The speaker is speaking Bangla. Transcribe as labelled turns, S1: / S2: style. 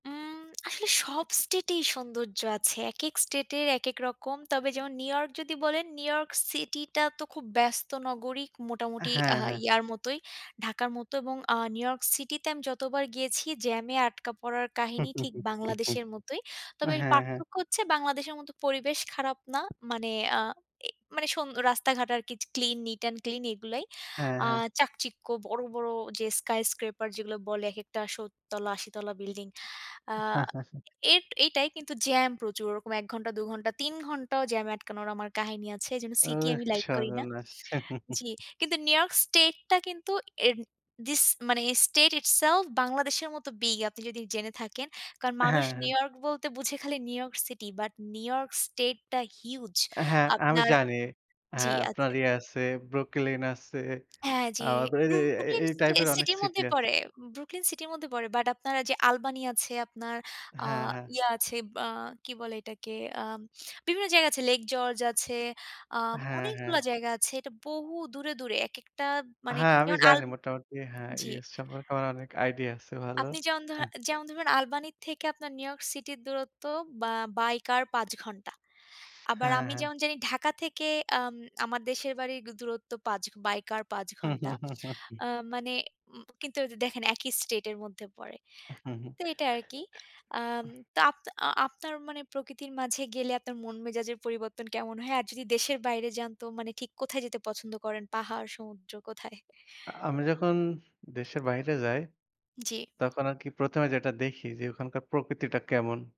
S1: উম আসলে সব state এই সৌন্দর্য আছে। একেক স্টেট-এর একেক রকম। তবে যেমন, নিউ ইয়র্ক যদি বলেন, নিউ ইয়র্ক সিটি-টা তো খুব ব্যস্ত নগরী। মোটামুটি আ
S2: হ্যাঁ, হ্যাঁ।
S1: ইয়ার মতোই, ঢাকার মতো এবং আ নিউ ইয়র্ক সিটি-তে আমি যতবার গিয়েছি, জ্যামে আটকা পড়ার কাহিনী ঠিক বাংলাদেশের মতোই। তবে
S2: হ্যাঁ, হ্যাঁ।
S1: পার্থক্য হচ্ছে, বাংলাদেশের মতো পরিবেশ খারাপ না। মানে, আ এ মানে সুন রাস্তাঘাট আর কি জ ক্লিন, নিট এন্ড ক্লিন এগুলাই।
S2: হ্যাঁ,
S1: আ
S2: হ্যাঁ।
S1: চাকচিক্য, বড়, বড় যে skyscraper যেগুলো বলে, একটা শত তলা, ৮০ তলা বিল্ডিং। আ এই এইটাই, কিন্তু জ্যাম প্রচুর। ওরকম ১ ঘণ্টা, ২ ঘণ্টা, ৩ ঘণ্টাও জ্যামে আটকানোর, আমার কাহিনী আছে। এজন্য সিটি
S2: ওহ
S1: আমি লাইক করি না।
S2: সর্বনাশ!
S1: জ্বী, কিন্তু নিউ ইয়র্ক স্টেট-টা কিন্তু এর this মানে state itself বাংলাদেশের মতো বিগ, আপনি যদি জেনে থাকেন। কারণ, মানুষ
S2: হ্যাঁ,
S1: নিউ
S2: হ্যাঁ।
S1: ইয়র্ক বলতে বোঝে, খালি New York city, but New York স্টেট-টা হিউজ।
S2: হ্যাঁ, আমি
S1: আপনার
S2: জানি।
S1: জ্বী।
S2: হ্যাঁ, আপনার
S1: আচ্ছা।
S2: ইয়ে আছে, Brooklyn আছে।
S1: হ্যাঁ,
S2: আ
S1: জ্বী।
S2: এ এ এ
S1: Brooklyn
S2: এই
S1: সে
S2: টাইপ এর অনেক
S1: সিটি-র
S2: সিটি
S1: মধ্যেই
S2: আছে।
S1: পড়ে। Brooklyn সিটি-র মধ্যে পড়ে বাট, আপনারা যে Albine আছে, আপনার আ
S2: হ্যাঁ, হ্যাঁ।
S1: ইয়া আছে, বা কি বলে এটাকে? আ বিভিন্ন জায়গা আছে। Lake george, আ
S2: হ্যাঁ,
S1: অনেকগুলো
S2: হ্যাঁ।
S1: জায়গা আছে। এটা বহু দূরে, দূরে, একেকটা মানে
S2: হ্যাঁ, আমি
S1: যেমন আল
S2: জানি মোটামুটি। হ্যাঁ,
S1: জ্বী।
S2: US সম্পর্কে আপনার আমার অনেক আইডিয়া আছে ভালো।
S1: আপনি যেমন ধরেন, যেমন ধরেন আলবানি থেকে আপনার নিউ ইয়র্ক সিটির দূরত্ব, বা বাই কার ৫ ঘণ্টা। আবার,
S2: হ্যাঁ,
S1: আমি
S2: হ্যাঁ।
S1: যেমন জানি ঢাকা থেকে আম আমার দেশের বাড়ির দূরত্ব ৫, বাই কার, ৫ ঘণ্টা। আ মানে, উ কিন্তু দেখেন একই স্টেট এর মধ্যে পড়ে।
S2: হু, হুম।
S1: তো এইটা আরকি। আ তো আপ আ আপনার মানে প্রকৃতির মাঝে গেলে, আপনার মন মেজাজের পরিবর্তন কেমন হয়? আর যদি, দেশের বাইরে যান তো, মানে ঠিক কোথায় যেতে পছন্দ করেন? পাহাড়, সমুদ্র, কোথায়?
S2: আমি যখন দেশের বাহিরে যাই,
S1: জ্বী।
S2: তখন আরকি, ১ম এ যেটা দেখি যে, ওখানকার প্রকৃতিটা কেমন।